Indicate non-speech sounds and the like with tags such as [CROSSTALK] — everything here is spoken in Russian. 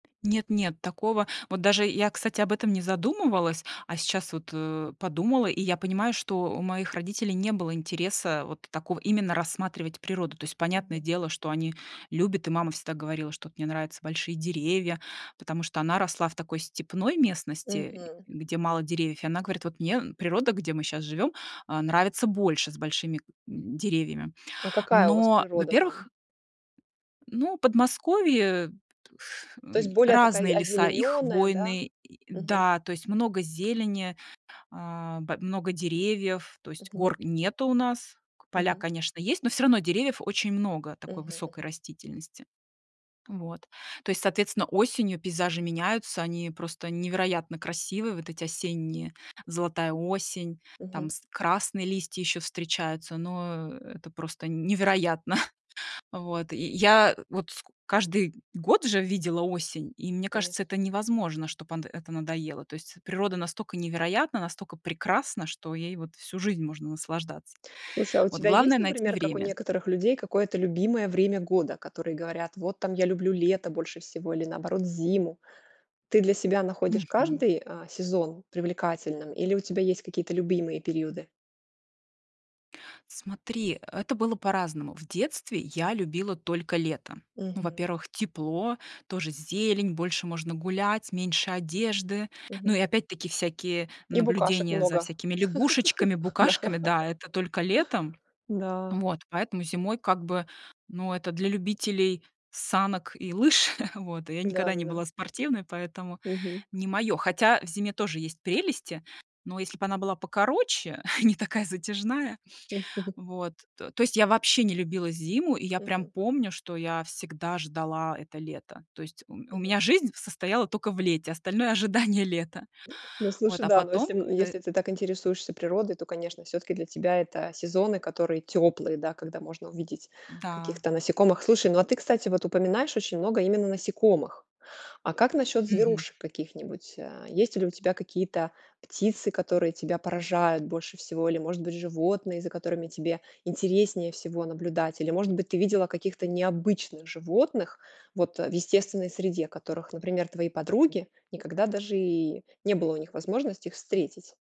Нет-нет, такого вот даже я, кстати, об этом не задумывалась, а сейчас вот, э, подумала, и я понимаю, что у моих родителей не было интереса вот такого именно рассматривать природу. То есть, понятное Мгм. дело, что они любят, и мама всегда говорила, что вот: "Мне нравятся большие деревья", потому что она росла в такой степной местности, Мгм. где мало деревьев. И она говорит: "Вот мне, м, природа, где мы щас живём, а, нравится больше, с большими, м, деревьями". А какая у вас Но, природа во-первых, там? ну, Подмосковье ф То есть, м, более такая разные о леса, и озелененная, да? хвойные, и Мгм. да, то есть много зелени, а, б много деревьев, то есть Мгм. гор нету у нас к поля, Мгм. конечно, есть, но всё равно деревьев очень много такой Мгм высокой мгм. растительности. Вот, то есть, соответственно, осенью пейзажи меняются, они просто невероятно красивые, вот эти осенние золотая осень, там Мгм. с красные листья ещё встречаются, но, это просто невероятно. [CHUCKLES] Вот, и я вот ско каждый год же видела осень, и мне Конечно. кажется, это невозможно, чтоб ант это надоело. То есть, природа настолько невероятна, настолько прекрасна, что ей вот всю жизнь можно наслаждаться. Слушай, а у Вот тебя главное есть, найти например, как у время. некоторых людей, какое-то любимое время года, которые говорят, вот там я люблю лето больше всего или наоборот зиму? Ты для себя находишь Мгм. каждый, а, сезон привлекательным или у тебя есть какие-то любимые периоды? Смотри, это было по-разному. В детстве, я любила только лето. Ну. Мгм. Во-первых, тепло, тоже зелень, больше можно гулять, меньше одежды. Ну Мгм. и опять-таки всякие И букашек наблюдения за много. всякими лягушечками, [LAUGHS] Да. букашками. Да, это только летом. Да. Вот, поэтому зимой как бы, ну, это для любителей санок и лыж. [CHUCKLES] Вот, я никогда не Да-да-да. была спортивной, поэтому Мгм. не моё. Хотя, в зиме тоже есть прелести, но если б она была покороче, [CHUCKLES] не такая затяжная, М. [CHUCKLES] вот. То то есть я вообще не любила зиму, и я прям Мгм. помню, что я всегда ждала это лето. То есть у м у Мгм. меня жизнь состояла тока в лете, остальное ожидание лета. Ну Вот, слушай, а, да, ну если, потом м, как-то если ты так интересуешься природой, то, конечно, всё-таки для тебя это сезоны, которые теплые, да, когда можно увидеть Да. каких-то насекомых. Слушай, ну, а ты, кстати, вот упоминаешь очень много именно насекомых. А как насчет Мгм. зверушек каких-нибудь? А есть ли у тебя какие-то птицы, которые тебя поражают больше всего? Или, может быть, животные, за которыми тебе интереснее всего наблюдать? Или, может быть, ты видела каких-то необычных животных, вот, а в естественной среде которых, например, твои подруги никогда даже и не было у них возможности их встретить.